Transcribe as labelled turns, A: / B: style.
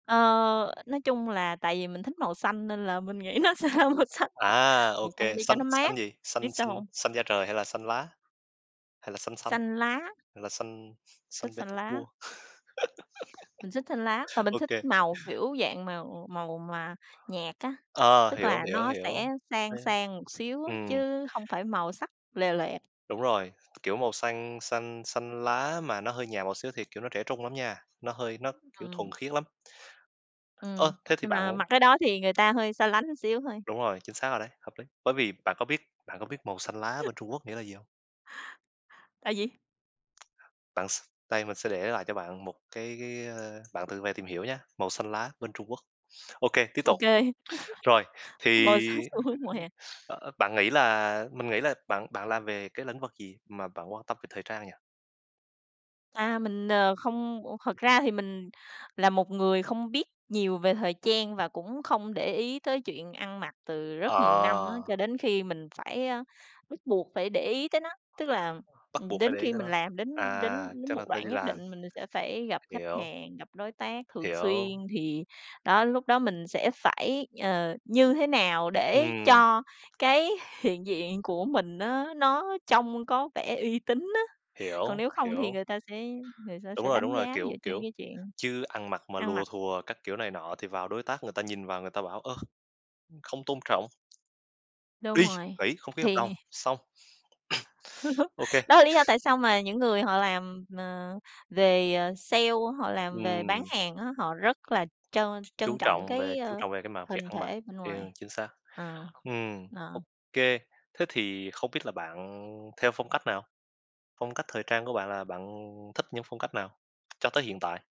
A: Ờ, nói chung là tại vì mình thích màu xanh nên là mình nghĩ nó sẽ ra màu xanh,
B: À,
A: màu
B: OK,
A: xanh đi cho
B: xanh
A: nó
B: xanh
A: mát.
B: gì?
A: Biết
B: Xanh
A: sao
B: xanh
A: hông?
B: xanh da trời, hay là xanh lá? Hay là xanh xanh.
A: Xanh lá.
B: Hay là xanh
A: Thích
B: Saint
A: xanh lá.
B: Petersburg?
A: Mình thích xanh lá và mình
B: OK.
A: thích màu, kiểu, dạng mà, ừm, màu mà nhạt á,
B: Ờ,
A: tức
B: hiểu,
A: là
B: hiểu,
A: nó
B: hiểu.
A: sẽ sang
B: [unintelligible]
A: sang một xíu á,
B: Ừm.
A: chứ hông phải màu sắc lòe loẹt.
B: Đúng rồi. Kiểu màu xanh xanh xanh lá mà nó hơi nhạt một xíu thì, kiểu, nó trẻ trung lắm nha, nó hơi nó, kiểu,
A: Ừm.
B: thuần khiết lắm. Ơ,
A: Ừm.
B: thế thì
A: Nhưng
B: bạn
A: là mặc cái đó thì người ta hơi xa lánh xíu thôi.
B: Đúng rồi, chính xác rồi đấy, hợp lý, bởi vì bạn có biết bạn có biết màu xanh lá bên Trung Quốc nghĩa là gì hông?
A: Tại vì
B: Bạn s đây mình sẽ để lại cho bạn một cái cái, ơ, bạn tự về tìm hiểu nhá, màu xanh lá bên Trung Quốc. OK, tiếp tục.
A: OK.
B: Rồi, thì,
A: Mở sang xu
B: ưm,
A: hướng mùa
B: ưm,
A: hè.
B: ơ, ơ, bạn nghĩ là mình nghĩ là bạn bạn làm về cái lĩnh vực gì mà bạn quan tâm về thời trang nhỉ?
A: A, mình, ờ, không, u thật ra thì mình là một người không biết nhiều về thời trang và cũng không để ý tới chuyện ăn mặc từ rất nhiều năm á.
B: Ờ.
A: Cho đến khi mình phải, ơ, bắt buộc phải để ý tới nó, tức là,
B: Bắt
A: ừm,
B: buộc phải
A: đến
B: để ý
A: khi
B: tới
A: mình
B: nó.
A: làm đến
B: À,
A: đến đến
B: chắc
A: một
B: là t
A: đoạn
B: đi
A: nhất
B: làm.
A: định mình sẽ phải gặp khách
B: Hiểu.
A: hàng, gặp đối tác thường xuyên
B: Hiểu.
A: thì đó lúc đó mình sẽ phải, ờ, như thế nào để
B: Ừm.
A: cho cái hiện diện của mình á, nó trông có vẻ uy tín á. Còn
B: Hiểu.
A: nếu không thì
B: Hiểu.
A: người ta sẽ người ta
B: Đúng
A: sẽ
B: rồi, đúng
A: đánh
B: rồi,
A: giá dựa
B: kiểu,
A: trên
B: kiểu,
A: cái chuyện
B: chứ ăn mặc mà
A: ăn
B: lùa
A: mặc.
B: thùa các kiểu này nọ thì vào đối tác người ta nhìn vào người ta bảo, ơ, ưm, không tôn trọng.
A: Đúng
B: Đi,
A: rồi.
B: nghỉ, không ký
A: Thì
B: hợp đồng, xong. OK. OK.
A: Đó là lý do tại sao mà những người họ làm, ờ, về, ờ, sale, họ làm về bán
B: Ừm.
A: hàng á, họ rất là trân
B: Chú
A: trân trọng
B: trọng về
A: cái,
B: chú
A: ơ,
B: trọng về cái mặt việc
A: hình
B: ăn mặc.
A: thể bên
B: Kê, ơ,
A: ngoài.
B: chính xác.
A: Ờ.
B: Ừm.
A: Ờ.
B: OK. Thế thì không biết là bạn theo phong cách nào? Phong cách thời trang của bạn là bạn thích những phong cách nào cho tới hiện tại?